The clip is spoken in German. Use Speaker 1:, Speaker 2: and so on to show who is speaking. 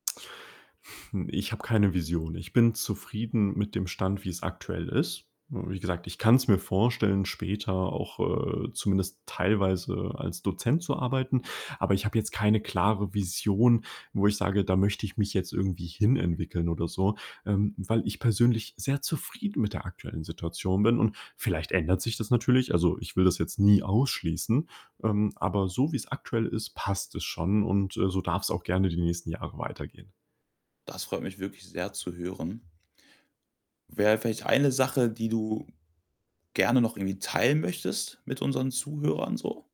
Speaker 1: Hm, ich habe keine Vision. Ich bin zufrieden mit dem Stand, wie's aktuell ist. Hm, wie gesagt, ich kann's mir vorstellen, später auch, äh, zumindest teilweise als Dozent zu arbeiten, aber ich habe jetzt keine klare Vision, wo ich sage, da möchte ich mich jetzt irgendwie hin entwickeln oder so, ähm, weil ich persönlich sehr zufrieden mit der aktuellen Situation bin. Und vielleicht ändert sich das natürlich. Also, ich will das jetzt nie ausschließen, ähm, aber so wie's aktuell ist, passt es schon und, äh, so darf's auch gerne die nächsten Jahre weitergehen.
Speaker 2: Das freut mich wirklich sehr zu hören. Wäre vielleicht eine Sache, die du gerne noch irgendwie teilen möchtest mit unseren Zuhörern so?